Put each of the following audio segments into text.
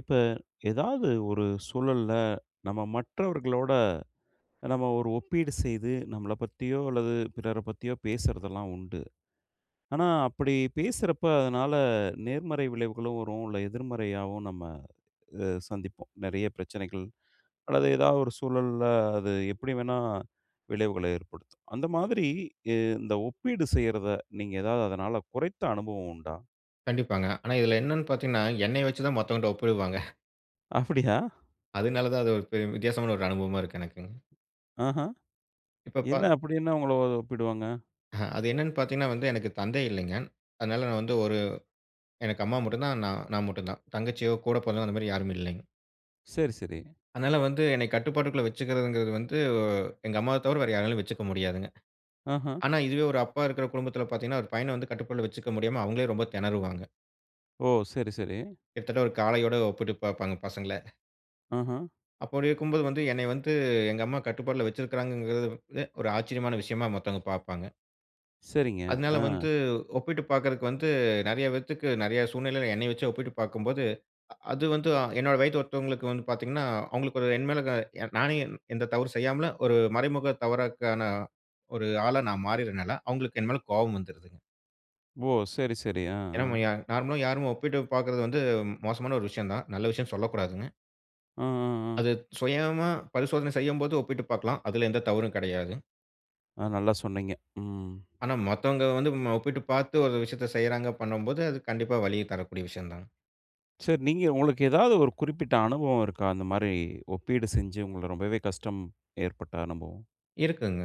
இப்ப ஏதாவது ஒரு சூழல்ல, நம்ம மற்றவர்களோட நம்ம ஒரு ஒப்பீடு செய்து, நம்மள பற்றியோ அல்லது பிறரை பற்றியோ பேசுறது எல்லாம் உண்டு. ஆனா, அப்படி பேசுறப்போ அதனால் நேர்மறை விளைவுகளும் வரும், இல்லை எதிர்மறையாகவும் நம்ம இதை சந்திப்போம். நிறைய பிரச்சனைகள் அல்லது ஏதாவது ஒரு சூழல்ல அது எப்படி வேண்டுமானாலும் விளைவுகளை ஏற்படுத்தும். அந்த மாதிரி ய இந்த ஒப்பீடு செய்யறதை நீங்க ஏதாவது அதனால் குறைந்த அனுபவம் உண்டா? கண்டிப்பாங்க. ஆனா இதில் என்ன என்று பார்த்தீங்க என்றால், என்னை வைத்து தான் மற்றவன் கிட்ட ஒப்பிடுவாங்க அப்படியா! அதனால் தான் அது ஒரு பெர் வித்தியாசமான ஒரு அனுபவமாக இருக்கு எனக்குங்க. அஹா! இப்ப என்ன ப அப்படி என்ன உங்கள ஒ ஒப்பிடுவாங்க? அ அது என்ன என்று பார்த்தீங்க என்றால் வந்து, எனக்கு தந்தை இல்லைங்க. அதனால் நான் வந்து ஒரு எனக்கு அம்மா மட்டும் தான், நா நான் மட்டும் தான். தங்கச்சியோ, கூட பிறந்தவங்க அந்த மாதிரி யாரும் இல்லைங்க. சரி, சரி. அதனால் வந்து என்னை கட்டுப்பாட்டுக்குள் வைத்துக்கிறது என்கிறது வந்து, எங்க அம்மாவை தவிர வேறு யாராலும் வைத்துக்கொள்ள முடியாதுங்க. ஆஹ. ஆனா இதுவே ஒரு அப்பா இருக்கிற குடும்பத்தில் பார்த்தீங்க என்றால், ஒரு பையனை வந்து கட்டுக்குள் வைத்துக்கொள்ள முடியாமல், அவங்களே ரொம்ப தெனறுவாங்க. ஓ! சரி, சரி. கிட்டத்தட்ட ஒரு காளையோடு ஒப்பிட்டு பார்ப்பாங்க பசங்க. ஆஹ்ம். அப்படி இருக்கும்போது, வந்து என்னைய வந்து எங்க அம்மா கட்டுப்பாட்டுல வச்சிருக்காங்குறது வந்து, ஒரு ஆச்சரியமான விஷயமா, மத்தவங்க பாப்பாங்க. சரிங்க, அதுனால வந்து அ. ஒப்பிட்டு பாக்குறதுக்கு வந்து நெறைய பேத்துக்கு, நெறைய சூழ்நிலையில என்னைய வச்சு ஒப்பிட்டு பாக்கும்போது, அ அது வந்து என்னோட வயத்து ஒருத்தவங்களுக்கு வந்து பாத்தீங்கன்னா, அவங்களுக்கு ஒரு, என் மேல நானே எந்த தவறு செய்யாமலும், ஒரு மறைமுக தவறுக்கான ஒரு ஆளா, நான் மாறிடுதுனால, அவுங்களுக்கு என் மேல கோவம் வந்துருதுங்க. ஓ! சரி, சரி. அ, ஏன்னா, நம்ம அ. ய நார்மலா யாருமே ஒப்பிட்டு பாப்பது வந்து மோசமான ஒரு விஷயம் தான். நல்ல விஷயம்னு சொல்லக்கூடாதுங்க. அ, அ, அ. அது சுயமா பரிசோதனை செய்யும்போது ஒப்பிட்டு பாக்கலாம். அதுல எந்த தவறும் கெடையாது. அ நல்லா சொன்னீங்க. ம். ஆனா, மத்தவங்க வந்து நம்ம, ஒப்பிட்டு பாத்து ஒரு விஷயத்த செய்யுறாங்க, பண்ணும்போது, அது கண்டிப்பா வலிய தரக்கூடிய விஷயம் தான். சார், நீங்க, உங்களுக்கு ஏதாவது ஒரு குறிப்பிட்ட அனுபவம் இருக்கா? அந்த மாதிரி ஒப்பீடு செஞ்சு, உங்கள ரொம்பவே கஷ்டம் ஏற்பட்ட அனுபவம். இருக்குங்க.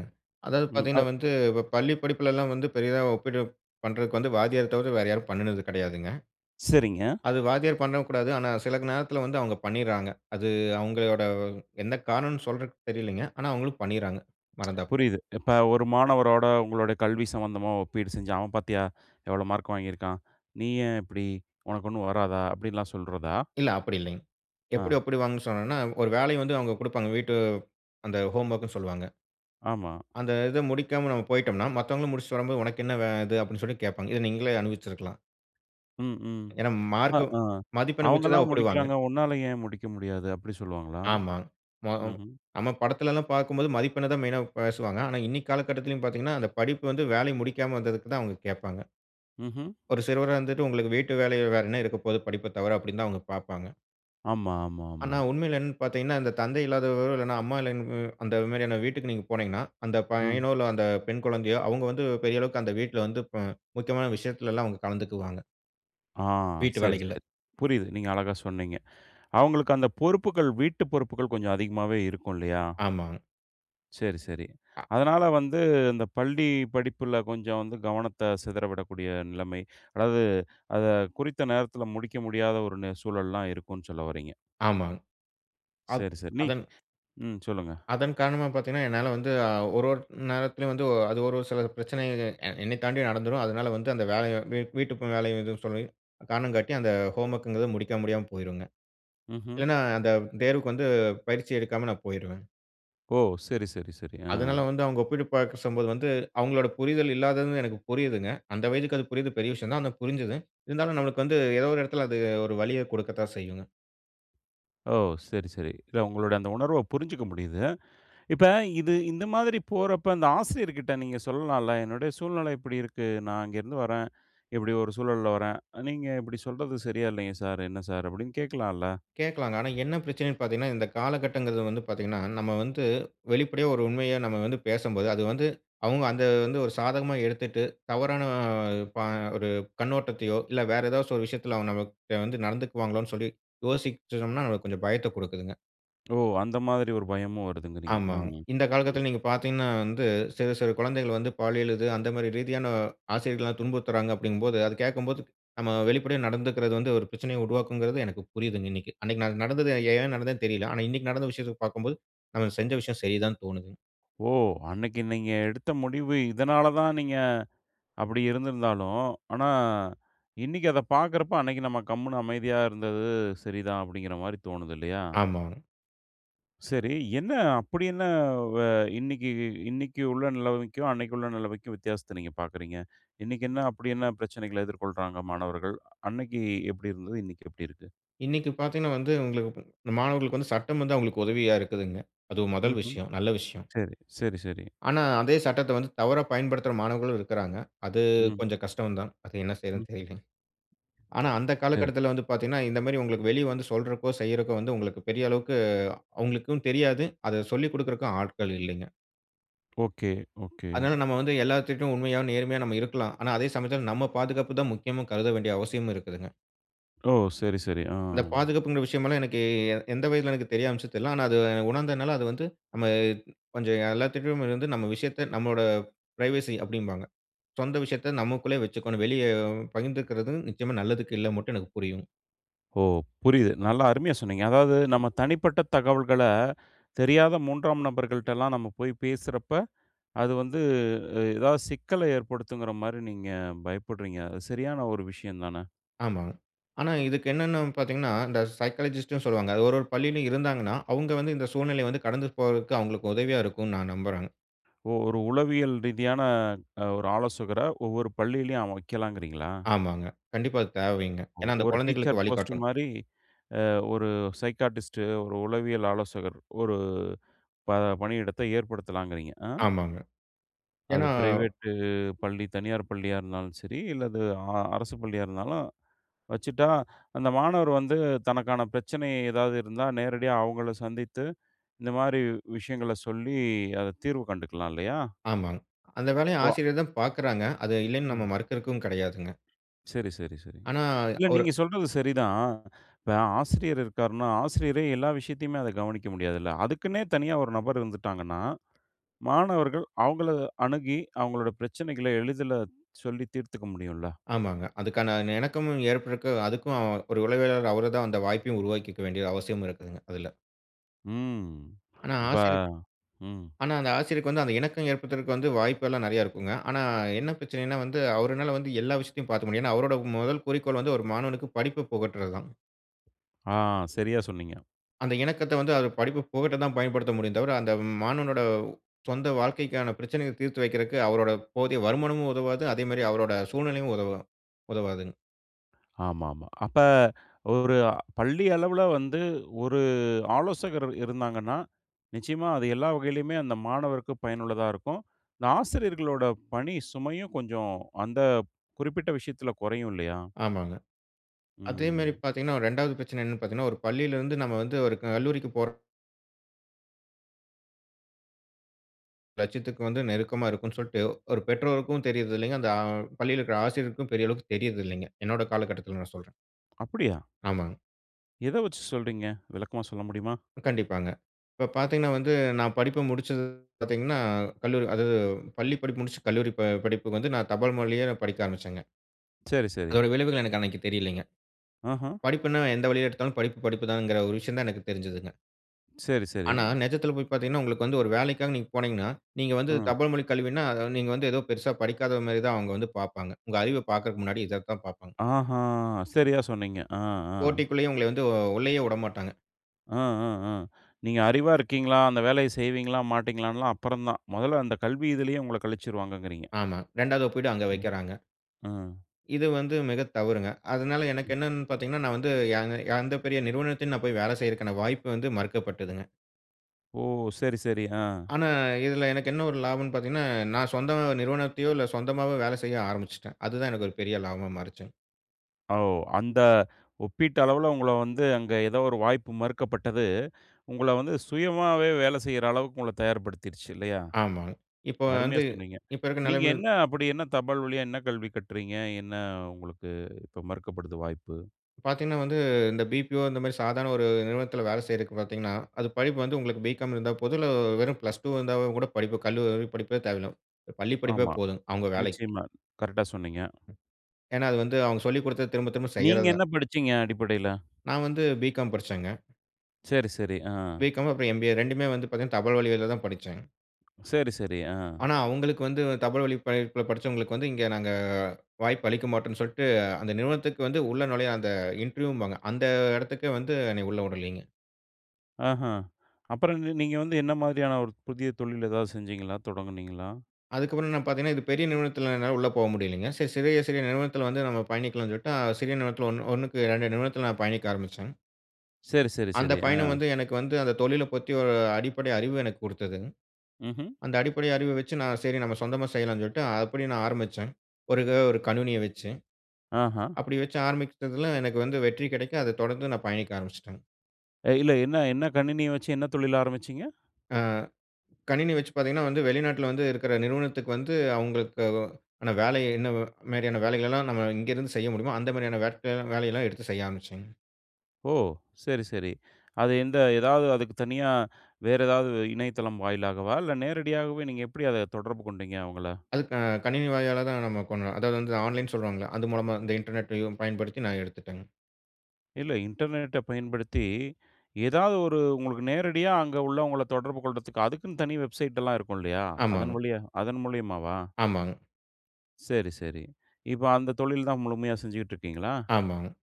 அதாவது ம். அ பாத்தீங்கன்னா, வந்து பள்ளி படிப்புல எல்லாம் வந்து பெரியதா ஒப்பீடு பண்றதுக்கு வந்து, வாத்தியார தவிர வேற யாரும் பண்ணுனது கிடையாதுங்க. சரிங்க. அது வாத்தியார் பண்ணவும் கூடாது. ஆனா, சில நேரத்துல வந்து அவங்க பண்ணிருறாங்க. அது அவங்களோட எந்த காரணம்னு சொல்றதுக்கு தெரியல்லங்க. ஆனா, அவங்களும் பண்ணிருறாங்க, மறந்தாப்புல. புரியுது. இப்ப ஒரு மாணவரோட, உங்களுடைய கல்வி சம்மந்தமா ஒப்பீடு செஞ்சி, "அவன் பாத்தீயா? எவ்வளவு மார்க் வாங்கியிருக்கான்? நீ ஏன் இப்படி? உனக்கு ஒண்ணும் வராதா?" அப்டீன்னுலாம் சொல்றதா? இல்ல, அப்படி இல்லைங்க. ஆ. எப்படி ஒப்பிடுவாங்கனு சொன்னோம்னா, ஒரு வேலைய வந்து அவுங்க குடுப்பாங்க. வீட்டு அந்த ஹோம்வொர்க்னு சொல்வாங்க. ஆமா. அந்த இத முடிக்காம நம்ப போயிட்டோம்ன்னா, மத்தவங்க முடிச்சிட்டு வரும்போது, "உனக்கு என்ன வே இது?" அப்டீன்னு சொல்லி கேப்பாங்க. இத நீங்களே அனுபவிச்சிருக்கலாம். ம், ம். ஏனா அ, மார்க் ஆ. மதிப்பெண் வைச்சு தான் "அவுங்கல்லாம் ஒப்பிடுவாங்க. முடிக்கிறாங்க, உன்னால ஏன் முடிக்க முடியாது?" அப்பிடி சொல்லுவாங்களா? ஆமா. மொ அ ம்ஹ்ம். நம்ம படத்தில எல்லாம் பார்க்கும்போது மதிப்பெண்ண தான் மெயினா பேசுவாங்க, ஆனா இன்னக்கி காலகட்டத்திலும் பார்த்தீங்கன்னா, அந்த படிப்பு வந்து வேலை முடிக்காம வந்ததுக்கு தான் அவுங்க கேப்பாங்க. ம்ஹம். ஒரு சிறுவரா இருந்துட்டு, உங்களுக்கு வீட்டு வேலை வேற என்ன இருக்கபோது, படிப்ப தவிர அப்பிடின்னு தான் அவுங்க பார்ப்பாங்க. ஆமா, ஆமா, ஆமா. ஆனா, உண்மையில என்னனு பார்த்தீங்கன்னா, இந்த தந்தை இல்லாதவர்கள், இல்லனா அம்மா [unintelligible] அந்த மாதிரியான வீட்டுக்கு நீங்க போனீங்கனா, அந்த ஆ பையனோ! இல்ல அந்த பெண் குழந்தையோ! அவுங்க வந்து பெரிய அளவுக்கு அந்த வீட்டில வந்து ப முக்கியமான விஷயத்தில எல்லாம் அவுங்க கலந்துக்குவாங்க. ஆ வீட்டு சரி, வேலைகள்ல. சரி. புரியுது. நீங்க அழகா சொன்னீங்க. அவுங்களுக்கு அந்த பொறுப்புகள் வீட்டு பொறுப்புகள் கொஞ்சம் அதிகமாவே இருக்கும் இல்லயா! ஆமாங்க. சரி, சரி. அ. அதனால வந்து, இந்த பள்ளி படிப்பில கொஞ்சம் வந்து கவனத்த சிதற விடக்கூடிய நிலைமை அதாவது அத குறித்த நேரத்தில முடிக்க முடியாத ஒரு னு சூழல் எல்லாம் இருக்குன்னு சொல்ல வர்றீங்க. ஆமா. அத் சரி, சரி. நீ அதன் ம் சொல்லுங்க. அதன் காரணமா பார்த்தீங்கன்னா, என்னால வந்து அ ஒரு, ஒரு நேரத்திலயும் வந்து, அது ஒரு ஒரு சில பிரச்சனைகள் எ என்னைத் தாண்டி நடந்துரும், அதனால வந்து அந்த வேல, வீட் வீட்டுக்கு வேலை எதுவும் சொல்லி, காரணம் காட்டி அந்த ஹோம்வொர்க்ங்கிறது முடிக்க முடியாம போயிருங்க, ம்ஹ்ம். இல்லன்னா அந்த தேர்வுக்கு வந்து பயிற்சி எடுக்காம நான் போயிருவேன். ஓ! சரி சரி சரி ஆ. அதனால வந்து அவங்க ஒப்பீடு பாக்க சொல்லும்போது வந்து அவுங்களோட புரிதல் இல்லாததுன்னு எனக்கு புரியிதுங்க. அந்த வயதுக்கு அது புரியிறது பெரிய விஷயம் தான். ஆனா புரிஞ்சுது. இருந்தாலும் நம்மளுக்கு வந்து ஏதோ ஒரு எடத்துல அது ஒரு வலிய குடுக்கத்தான் செய்யுங்க. ஓ! சரி சரி. இல்ல உங்களோட அந்த உணர்வ புரிஞ்சுக்க முடியிது. இப்ப இது இந்த மாதிரி போறப்ப, ஆந்த ஆசிரியர்க்கிட்ட நீங்க சொல்லலாலம்ல? "என்னுடைய சூழ்நிலை இப்டி இருக்கு. நான் அங்கேருந்து வரேன். இப்டி ஒரு சூழல்ல வரேன். நீங்க இப்டி சொல்றது சரியா இல்லைங்க சார், என்ன சார்?" அப்டின்னு கேக்கலாம்ல்ல. கேக்கலாங்க. ஆனா என்ன பிரச்சனன்னு பாத்தீங்கன்னா, இந்த காலகட்டங்குறது வந்து பாத்தீங்கன்னா, நம்ம வந்து வெளிப்படையா ஒரு உண்மைய நம்ம வந்து பேசம்போது, அது வந்து அவுங்க அந்த வந்து ஒரு சாதகமா எடுத்துட்டு, தவறான ப ஒரு கண்ணோட்டத்தையோ, இல்ல வேற ஏதாசச்சு ஒரு விஷயத்துல அவங்க நம்ம கிட்ட வந்து நடந்துக்குவாங்களோன்னு சொல்லி யோசிச்சோன்னா, அது கொஞ்சம் பயத்த குடுக்குதுங்க. ஓ! அந்த மாதிரி ஒரு பயமும் வருதுங்குறீங்க. அ ஆமாங்க. ம். இந்த ம். காலகட்டத்துல நீங்க பாத்தீங்கன்னா வந்து, சிறு சிறு குழந்தைகள் வந்து, பாலியல் இது, அந்த மாரி ரீதியான, ஆசிரியர்கள்லாம் துன்புறுத்துறாங்க அப்டிங்கும்போது, அத கேக்கம்போது, நம்ம வெளிப்படையா நடந்துக்குறது வந்து, ஒரு பிரச்சனைய உருவாக்கும்ங்குறது, எனக்கு புரியிதுங்க இன்னைக்கு. அன்னைக்கு நா நடந்தது, ஏன் நடந்ததுன்னு தெரியல. ஆனா, இன்னைக்கு நடந்த விஷயத்த பாக்கும்போது, நம்ம செஞ்ச விஷயம் சரி தானு தோணுதுங்க. ஓ! அன்னைக்கு நீங்க எடுத்த முடிவு, இதனால தான் நீங்க அப்டி இருந்திருந்தாலும், ஆனா இன்னைக்கு அத பாக்கிறப்ப, "அன்னைக்கு நம்ம கம்முனு அமைதியா இருந்தது சரிதான்." அப்டிங்கிற மாதிரி தோணுது இல்லையா? ஆமா. சரி, என்ன? அப்படி என்ன? வ இன்னைக்கு இன்னைக்கு உள்ள நெலைமைக்கும், அன்னைக்கு உள்ள நெலைமைக்கும் வித்தியாசத்த நீங்க பார்க்குறீங்க? இன்னைக்கு என்ன அப்படி என்ன பிரச்சனைகள எதிர்கொள்றாங்க மாணவர்கள்? அன்னைக்கு எப்படி இருந்தது? இன்னைக்கு எப்படி இருக்கு? இன்னைக்கு பார்த்தீங்கன்னா வந்து, உங்களுக்கு மாணவர்களுக்கு வந்து சட்டம் வந்து அவங்களுக்கு உதவியா இருக்குதுங்க. அது மொதல் ம்ஹ்ம். விஷயம், நல்ல விஷயம். சரி. சரி, சரி. ஆனா, அதே சட்டத்த வந்து தவறா பயன்படுத்துற மாணவர்களும் இருக்குறாங்க. அது ம். கொஞ்சம் கஷ்டம் தான். அது என்ன ம். செய்றதுன்னு தெரியலங்க. ஆனா அந்த சரி. காலகட்டத்தில வந்து பார்த்தீங்கன்னா, இந்த மாரி உங்களுக்கு வெளிய வந்து சொல்றக்கோ, செய்யறக்கோ, வந்து உங்களுக்கு பெரிய அளவுக்கு அவங்களுக்கும் தெரியாது. அத சொல்லிக் குடுக்கறக்கும் ஆட்கள் இல்லைங்க. Okay, okay. அதனால நம்ம வந்து எல்லாத்துட்டயும் உண்மையா, நேர்மையா நம்ம இருக்கலாம். ஆனா அதே சமயத்தில, நம்ம பாதுகாப்பு தான் முக்கியம்னு கருத வேண்டிய அவசியமும் இருக்குதுங்க. ஓ! சரி, சரி. ஆ. இந்த பாதுகாப்புங்கிற விஷயமல்லாம் எனக்கு எ எந்த வயதில எனக்கு தெரிய வந்துச்சுன்னு தெர்ல. ஆனா அது, உணர்ந்தனால, அது வந்து நம்ம கொஞ்சம் எல்லாத்துட்டயும் வந்து நம்ம விஷயத்த நம்மோட பிரைவசி அப்படீம்பாங்க. சொந்த விஷயத்த நமக்குள்ளே வச்சுக்கணும். வெளிய பகிர்ந்துக்கிறது நிச்சயமா நல்லதுக்கு இல்ல மட்டும் எனக்கு புரியும். ஓ! புரியுது. நல்லா அருமையா சொன்னீங்க அதாவது நம்ம தனிப்பட்ட தகவல்கள, தெரியாத மூன்றாம் நபர்கள்ட்டல்லாம் நம்ம போய் பேசுறப்ப, அது வந்து அ ஏதாவத சிக்கல ஏற்படுத்தும்ங்கிற மாரி நீங்க பயப்படுறீங்க. அது சரியான ஒரு விஷயம் தான? ஆமா. ஆனா, இதுக்கென்னான்னு பாத்தீங்கன்னா, இந்த சைக்காலஜிஸ்ட்டும் சொல்லுவாங்க. ஒரு ஒரு பள்ளிளையும் இருந்தாங்கன்னா, அவுங்க வந்து இந்த சூழ்நிலைய வந்து கடந்து போறதுக்கு அவுங்களுக்கு உதவியா இருக்குன்னு நான் நம்புறேங்க. ஓ! ஒரு உளவியல் ரீதியான, அ ஒரு ஆலோசகர ஒவ்வொரு பள்ளியிலயும் அ வைக்கலாங்குறீங்களா? ஆமாங்க. கண்டிப்பா, அது தேவைங்க. ஒ ஏன்னா அந்த ஒரு டீச்சர் குழந்தைகளுக்கு போஸ்ட்டு வழிகாட்டனும். மாரி, அ ஒரு சைகாட்டிஸ்டு, ஒரு உளவியல் ஆலோசகர். ஒரு ப பணியிடத்த ஏற்படுத்தலாங்கிறீங்க. ஆ? ஆமாங்க. அது ஏன்னா பிரைவேட்டு பள்ளி. தனியார் பள்ளியா இருந்தாலும் சரி, இல்ல அது அ அரசு பள்ளியா இருந்தாலும் வச்சுட்டா, அந்த மாணவர் வந்து தனக்கான பிரச்சனை ஏதாவது இருந்தா நேரடியா அவுங்கள சந்தித்து, இந்த மாரி விஷயங்கள சொல்லி, அத தீர்வு கண்டுக்கலாம் இல்லையா? ஆமாங்க. அந்த வேலைய ஓ வ. ஆசிரியர் தான் பாக்குறாங்க. அது இல்லைன்னு நம்ம ம். மறுக்கிறதுக்கும் கிடையாதுங்க. சரி, சரி, சரி, ஆனா, இல்ல அவரு நீங்க சொல்றது சரி தான். இப்ப ஆசிரியர் இருக்கார்ன்னா, ஆசிரியரே எல்லா விஷயத்தையுமே அத கவனிக்க முடியாதுல்ல? அதுக்குன்னே தனியா ஒரு நபர் இருந்துட்டாங்கன்னா, மாணவர்கள் அவுங்கள அணுகி அவுங்களோட பிரச்சனைகள எளிதில சொல்லித் தீர்த்துக்க முடியும்ல்ல? ஆமாங்க, அதுக்கான அந்த இணக்கமும் ஏற்படரதுக்கு. அதுக்கும் அவ ஒரு உளவியலாளர், அவரு தான் அந்த வாய்ப்பையும் உருவாக்கிக்க வேண்டிய அவசியம் இருக்குங்க அதுல. ம். ஆனா, இப்ப, ஆசிரியர் ம். ஆனா அந்த ஆசிரியருக்கு வந்து அந்த இணக்கம் ஏற்படுத்துறக்கு வாய்ப்பு எல்லாம் நிறைய இருக்குங்க. ஆனா, என்ன பிரச்சனைன்னா, வந்து அவருனால வந்து எல்லா விஷயத்தையும் பார்த்துக்க முடியாது ஏன்னா அவருடைய முதல் குறிக்கோள் வந்து, ஒரு மாணவனுக்கு படிப்ப புகட்டுறது தான். ஆ! சரியா சொன்னீங்க. அந்த இணக்கத்த வந்து அவர் படிப்பு புகட்ட தான் பயன்படுத்த முடியும் தவிர, அந்த மாணவனோடு சொந்த வாழ்க்கைக்கான பிரச்சனைய தீர்த்து வைக்கிறதுக்கு அவரோட போதிய வருமானமும் உதவாது. அதேமாதிரி அவரோட சூழ்நிலையும் உதவ உதவாதுங்க. ஆமாமா. அப்ப ஒரு பள்ளி அளவில வந்து ஒரு ஆலோசகர் இருந்தாங்கன்னா, நிச்சயமா அது எல்லா வகையிலுமே அந்த மாணவருக்கு பயனுள்ளதா இருக்கும். ஆசிரியர்களுட பணி சுமையும் கொஞ்சம் அந்த குறிப்பிட்ட விஷயத்தில குறையும் இல்லயா? ஆமாங்க. அதே மாதிரி ம். பாத்தீங்கன்னா, 2 வது பிரச்சனை என்னன்னு பாத்தீங்கன்னா, ஒரு பள்ளியில இருந்து நம்ம வந்து ஒரு கல்லூரிக்கு போறோம் லட்சியத்துக்கு வந்து நெருக்கமா இருக்குன்னு சொல்ட்டு, ஒரு பெற்றோருக்கும் தெரியிது இல்ல. அந்த ஆ பள்ளியில இருக்க ஆசிரியருக்கும் பெரிய அளவுக்கு தெரியிறது இல்லைங்க. என்னுடைய காலகட்டத்தில நான் சொல்றேன். அப்பிடியா? ஆமாங்க. எத வச்சு சொல்றீங்க? விளக்கமா சொல்ல முடியுமா? கண்டிப்பாங்க. இப்போ பாத்தீங்கன்னா வந்து, நான் படிப்ப முடிச்சது பார்த்தீங்கன்னா, கல்லூரி அதாவது பள்ளி படிப்பு முடிச்சு, கல்லூரி ப படிப்புக்கு வந்து நான் தபால் வழிய படிக்க ஆரம்பிச்சேங்க. சரி, சரி. அதோட விளைவுகள் எனக்கு அன்னக்கி தெரியலைங்க. அஹம். படிப்புன்னா, எந்த வழியில எடுத்தாலும் படிப்பு, படிப்புதாங்கிற ஒரு விஷயம் தான் எனக்கு தெரிஞ்சதுங்க. சரி, சரி. ஆனா, நெஜத்தில போய் பார்த்தீங்கனா, உங்களுக்கு வந்து ஒரு வேலைக்காக நீங்க போனீங்கனா, நீங்க வந்து ம். தபால் மொழி கல்வினா, நீங்க வந்து ஏதோ பெரிசா படிக்காதமாரி தான் அவுங்க வந்து பார்ப்பாங்க. உங்க அறிவ பார்க்கிறதற்கு முன்னாடி இத தான் பார்ப்பாங்க. அஹ்ம்! சரியா சொன்னீங்க, ஆ, ஆ. போட்டிக்குள்ளேயே உங்களை வந்து உ உள்ளேயே விடமாட்டாங்க. ஆ, ஆ, ஆ, நீங்க அறிவா இருக்கீங்களா? அந்த வேலைய செய்வீங்களா? மாட்டீங்களான்லாம் அப்புறம் தான், முதல்ல அந்த கல்வி இதுலயே உங்கள கழிச்சிருவாங்கங்கிறீங்க. ஆமா. 2 வது ஒப்பீடு அங்க ம், வைக்கிறாங்க. அ. இது வந்து மிக தவறுங்க. அதனால எனக்கு என்னனு பார்த்தீங்கனா, நான் வந்து எந்த- எந்த பெரிய நிறுவனத்திலும் நான் போய் வேலை செய்றத்துக்கான வாய்ப்பு வந்து மறுக்கப்பட்டதுங்க. ஓ! சரி, சரி. ஆ. ஆனா, இதில எனக்கு என்ன ஒரு லாபம்னு பார்த்தீங்கனா, நான் சொந்த நிறுவனத்தையோ! இல்ல சொந்தமாவோ! வேலை செய்ய ஆரம்பிச்சுட்டேன். அதுதான் எனக்கு ஒரு பெரிய லாபமா மாறிச்சுங்க. ஓ! அந்த ஒப்பிட்டளவில உங்கள வந்து அங்க ஏதோ ஒரு வாய்ப்பு மறுக்கப்பட்டது, உங்கள வந்து சுயமாவே வேலை செய்யிற அளவுக்கு உங்கள தயார் படுத்திருச்சு இல்லயா! ஆமாங்க. இப்ப அருமையா வந்து சொன்னீங்க, இப்ப இருக்கிற நீங்க நிலைமையில என்ன அப்படி? என்ன தபால் வழியா என்ன கல்வி கற்றீங்க? என்ன உங்களுக்கு இப்ப மறுக்கப்படுது வாய்ப்பு? பார்த்தீங்கனா வந்து, இந்த பி-பி-ஓ இந்த மாதிரி சாதாரண ஒரு நிறுவனத்தில வேலை செய்றதுக்கு பார்த்தீங்கனா, அது படிப்பு வந்து உங்களுக்கு பி-காம் இருந்தா போதும், இல்ல வெறும் பிளஸ் டூ வோ இருந்தா கூட படிப்பு, கல்லூரி படிப்பே தேவையில்ல, பள்ளி படிப்பே ஆமா, போதும், அவுங்க வேலைக்கு. நிச்சயமா, கரெக்ட்டா சொன்னீங்க. ஏனா, அது வந்து அவுங்க சொல்லி கொடுத்தத, திரும்ப, திரும்ப நீங்க செய்றது என்ன தான். படிச்சீங்க அடிப்படையில? நான் வந்து பி-காம் படிச்சேங்க. சரி, சரி. ஆ. பி.காம். அப்புறம் எம்.பி.ஏ. 2மே வந்து பாத்தீங்கன்னா, தபால் வழியால தான் படிச்சேன். சரி, சரி. ஆ. ஆனா, அவுங்களுக்கு வந்து தபால் வழிப் பயி ப்ப படிச்சவங்களுக்கு வந்து, இங்க நாங்க வாய்ப்பு அளிக்க மாட்டோம்ன்னு சொல்ட்டு, அந்த நிறுவனத்துக்கு வந்து உள்ளே நுழைய அந்த இன்டர்வியூம்பாங்க அந்த எடத்துக்கே வந்து என்னய உள்ள உடளிங்க. ஆஹம். அப்புறம் நீ நீங்க வந்து என்ன மாதிரியான, ஒரு புதிய தொழில் எதாவது செஞ்சீங்களா? தொடங்குனீங்களா? அதுக்கு அப்புறம் என்ன பாத்தீங்கன்னா, இது பெரிய நிறுவனத்திலனால உள்ள போக முடியலங்க. சரி சிறிய சிறிய நிறுவனத்தில வந்து நம்ப பயணிக்கலாம்ன்னு சொல்லிட்டு, சிறிய நிறுவனத்தில, 1க்கு 2 நிறுவனத்தில நான் பயணிக்க ஆரம்பிச்சேன்ங்க. சரி சரி அந்த சரி. ஆ. பயணம் வந்து எனக்கு வந்து அந்த தொழில பத்தி, ஒரு அடிப்படை அறிவு எனக்கு குடுத்ததுங்க. ம்ஹ்ம். அந்த அடிப்படை அறிவ வச்சு, நான் சரி நம்ம சொந்தமா செய்யலாம்ன்னு சொல்லிட்டு, அப்படி நான் ஆரம்பிச்சேன். ஒரு எதோ 1 கணினிய வச்சு, ஆஹம். அப்படி வச்சு ஆரம்பிச்சதில எனக்கு வந்து வெற்றி கிடைக்க, அத தொடர்ந்து நான் பயணிக்க ஆரம்பிச்சுட்டேங்க. அ இல்ல, என்ன என்ன? கணினி வச்சி, என்ன தொழில் ஆரம்பிச்சீங்க? ஆ, கணினி வச்சு பாத்தீங்கன்னா, வந்து வெளிநாட்டில வந்து இருக்கிற நிறுவனத்துக்கு வந்து, அவுங்களுக்கு ஒ ஆனா வேல என்ன மாரியான வேலைகள்லாம் நம்ம இங்க இருந்து செய்ய முடியுமோ, அந்த மாரியான வேலையெல்லாம் எடுத்து செய்ய ஆரம்பிச்சேங்க. ஓ! சரி சரி. அது எந்த எதாவது அதுக்கு தனியா, வேற ஏதாவது இணையதளம் வாயிலாகவா? இல்ல நேரடியாகவே நீங்க எப்படி அத தொடர்பு கொண்டீங்க, அவங்கள? அது க கணினி வாயிலா தான் நம்ப பண்ணனும். அதாவது, வந்து ஆன்லைன் சொல்வாங்கல்ல, அது மூலமா இந்த internetயும் பயன்படுத்தி நான் எடுத்துட்டேங்க. இல்ல இன்டர்நெட்ட பயன்படுத்தி, ஏதாவது ஒரு உங்களுக்கு நேரடியா அங்க உள்ளவங்கள தொடர்பு கொள்றதுக்கு, அதுக்குன்னு தனி வெப்சைட் எல்லாம் இருக்கும், இல்லயா? அதன் ஆமாங்க. வழியா அதன் மூலியமாவா? ஆமாங்க. செரி, செரி. இப்ப அந்த தொழில் தான் முழுமையா செஞ்சுகிட்டு இருக்கீங்களா? ஆமாங்க.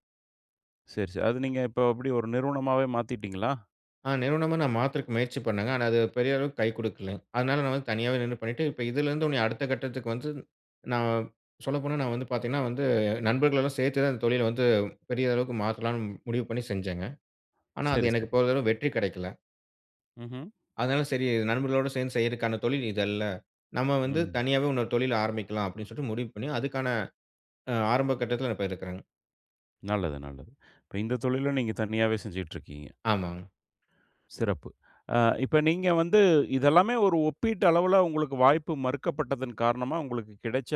செரி, செரி. அது நீங்க இப்ப எப்டி? ஒரு நிறுவனமாவே மாத்திட்டீங்களா? ஆ, நிறுவனமா நான் மாத்துறதக்கு முயற்சி பண்ணேங்க. ஆனா, அது பெரிய அளவுக்கு கை குடுக்கலங்க. அதுனால நான் வந்து தனியாவே நின்னு பண்ணிட்டு இப்ப இதுலேருந்து இன்னுமும், அடுத்த கட்டத்துக்கு வந்து, நான், சொல்லப்போனா, நான் வந்து பாத்தீங்கன்னா, வந்து நண்பர்கள் எல்லாம் சேர்த்து தான், இந்த தொழில வந்து பெரிய அளவுக்கு மாத்தலாம்னு, முடிவு பண்ணி செஞ்சேங்க. ஆனா, அது செரி, எனக்கு செரி. போதியளவு வெற்றி கெடைக்கல. ம்ஹ்ம். அதுனால செரி, "நண்பர்களோட சேர்ந்து செய்தறதுக்கான தொழில் இது அல்ல. நம்ப வந்து ம். தனியாவே இன்னொரு தொழில் ஆரம்பிக்கலாம்." அப்டீன்னு சொல்லி முடிவு பண்ணி, அதுக்கான அ ஆரம்ப கட்டத்துல இப்ப இருக்குறேங்க. நல்லது, நல்லது. இப்ப இந்த தொழிலும் நீங்க தனியாவே செஞ்சிட்டு இருக்கீங்க. ஆமாங்க. சிறப்பு! ஆ, இப்ப நீங்க வந்து, இது எல்லாமே ஒரு ஒப்பீட்டு அளவுல, உங்களுக்கு வாய்ப்பு மறுக்கப்பட்டதன் காரணமா உங்களுக்கு கிடைச்ச,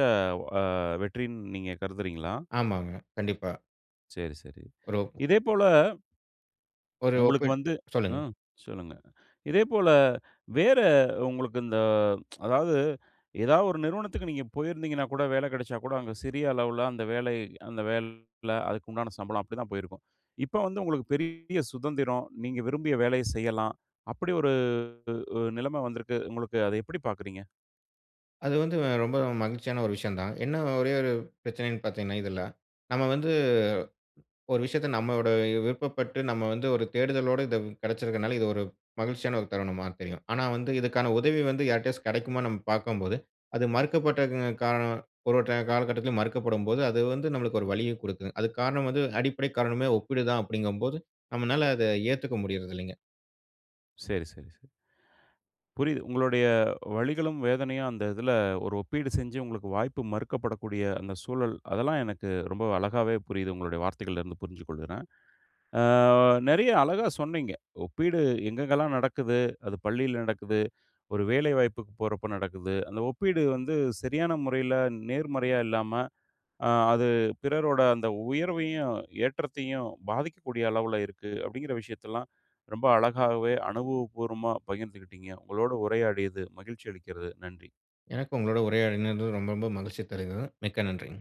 ஆ வெற்றின்னு நீங்க கருதுறீங்களா? ஆமாங்க, கண்டிப்பா. செரி, செரி. ஒரு இதேபோல ஒரு உங்களுக்கு ஒப்பீட்டு வந்து சொல்லுங்க. ம் சொல்லுங்க. இதேபோல வேற, உங்களுக்கு இந்த அதாவது, ஏதாவது ஒரு நிறுவனத்துக்கு நீங்க போயிருந்தீங்கன்னா, கூட வேல கிடைச்சா கூட, அங்க சிறிய அளவுல அந்த வேலை அந்த வேல அதுக்கு உண்டான சம்பளம் அப்படித்தான் போயிருக்கும். இப்ப வந்து உங்களுக்கு பெரிய சுதந்திரம், நீங்க விரும்பிய வேலைய செய்யலாம். அப்படி ஒரு உ உ நிலைமை வந்துருக்கு, உங்களுக்கு. அதை எப்பிடி பாக்கிறீங்க? அது வந்து ரொம்ப மகிழ்ச்சியான ஒரு விஷயம் தான். என்ன ஒரே ஒரு பிரச்சனன்னு பாத்தீங்கன்னா இதுல, நம்ம வந்து ஒரு விஷயத்த நம்மளோட விருப்பப்பட்டு நம்ம வந்து ஒரு தேடுதலோட இது கெடச்சிருக்கனால, இது ஒரு மகிழ்ச்சியான ஒரு தருணமா தெரியும். ஆனா, வந்து இதுக்கான உதவி வந்து யார்ட்டயாச்சும் கெடைக்குமான்னு நம்ம பார்க்கும்போது, அது மறுக்கப்பட்ட க காரணம் ஒரு, ஒரு காலகட்டத்துல மறுக்கப்படும்போது, அது வந்து நம்மளுக்கு ஒரு வலிய குடுக்கும். அதுக்கு காரணம் வந்து அடிப்படை காரணமே ஒப்பீடு தான் அப்பிடிங்கம்போது, நம்மனால அத ஏத்துக்க முடியறதில்லங்க. சரி, சரி, சரி. புரியுது. உங்களுடைய வலிகளும், வேதனையும் அந்த இதுல ஒரு ஒப்பீடு செஞ்சு உங்களுக்கு வாய்ப்பு மறுக்கப்படக்கூடிய அந்த சூழல், அதெல்லாம் எனக்கு ரொம்ப அழகாவே புரியுது. உங்களுடைய வார்த்தைகள்ல இருந்து புரிஞ்சு கொள்ளுறேன். ஆ நெறைய அழகா சொன்னீங்க, ஒப்பீடு எங்கெங்கலாம் நடக்குது? அது பள்ளியில நடக்குது, ஒரு வேலை வாய்ப்புக்கு போறப்ப நடக்குது. அந்த ஒப்பீடு வந்து சரியான முறையில நேர்மறையா இல்லாம, அ அது பிறரோட அந்த உயர்வையும், ஏற்றத்தையும் பாதிக்கக்கூடிய அளவுல இருக்கு; அப்பிடிங்குற விஷயத்தல்லாம் ரொம்ப அழகாவே அனுபவபூர்வமா பகிர்ந்துக்கிட்டீங்க. உங்களோட உரையாடியது மகிழ்ச்சி அளிக்கிறது. நன்றி. எனக்கும் உங்களோட உரையாடினது ரொம்ப, ரொம்ப மகிழ்ச்சி தருகிறது. மிக்க நன்றி.